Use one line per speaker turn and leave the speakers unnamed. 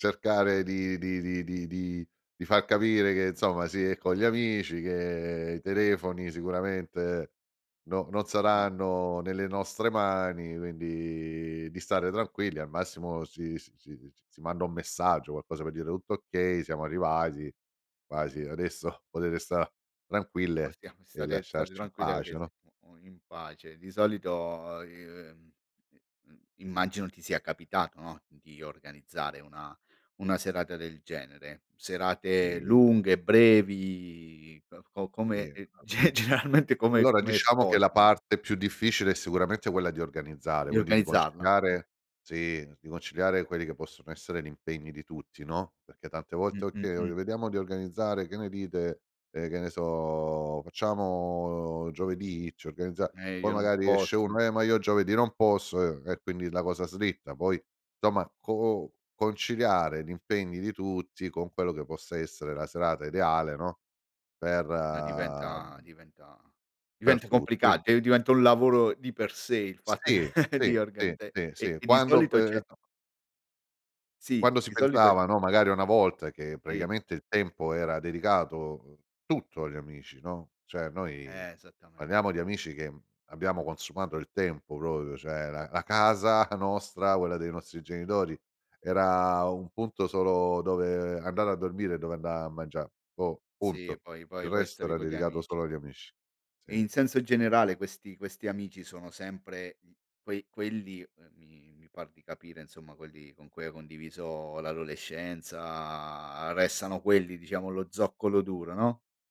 Cercare di di di di di fa capire che insomma si è con gli amici, che i telefoni sicuramente no non
Ma
saranno nelle nostre mani, quindi di stare tranquilli. Al massimo si si si manda un messaggio, qualcosa per dire: "Tutto okay, siamo arrivati. Quasi adesso potete sta tranquille
Possiamo
e
stare state
lasciarci in
tranquilli,
pace,
perché si
no?"
o o in pace. Di solito, i ehm, i mhmm, immagino ti sia capitato, no, di organizzare una una serata del genere. Serate
I
lunghe, brevi, uhm, o
Tì
come e
a
ge generalmente come
Allora
come
diciamo che la
sfociano?
parte più difficile è sicuramente quella di organizzare,
Di
quindi di
organizzarla? Mh.
conciliare sì, di conciliare quelli che possono essere l'impegni di tutti, no, perché tante
Mh,
volte:
mh,
"Okay, ehm,
mh.
vediamo di organizzare, che ne dite?" Ehm, che ne so, "Facciamo giovedì? Ci organizza"
Eh,
poi
io non
magari esce
posso e
uno: "Eh, ma io giovedì non posso." Ehm, e quindi la cosa slitta. Poi somma co o conciliare gli impegni di tutti con quello che possa essere la serata ideale, no, per,
No diventa
uhm
diventa
per
diventa
tu
complica
quin
d diventa un lavoro di per sé il fatto
Sì, ti,
di
ti,
organizzare
ti sì,
e
uhm,
e di
quando
solito c'è
questo
Sì,
Quando si
di solito e
pensava, no, magari una volta, che
Sì.
praticamente il tempo era dedicato tutto agli amici, no, cioè noi
Esattamen
parliamo di amici che, mhmm, abbiamo consumato il tempo proprio. Cioè la la casa nostra, quella dei nostri genitori, era un punto solo dove andare a dormire e dove andà a mangià. Boh,
Sì
punto.
poi poi
Il
poi
resto
stavi
era
con gli
dedicato
amici.
solo agli amici.
E
Sì.
in senso generale questi questi amici sono sempre, mhmm, quei quelli, ehm, mi mi par di capire insomma, quelli con cui hai condiviso l'adolescenza. Restano quelli diciamo lo zoccolo duro, no?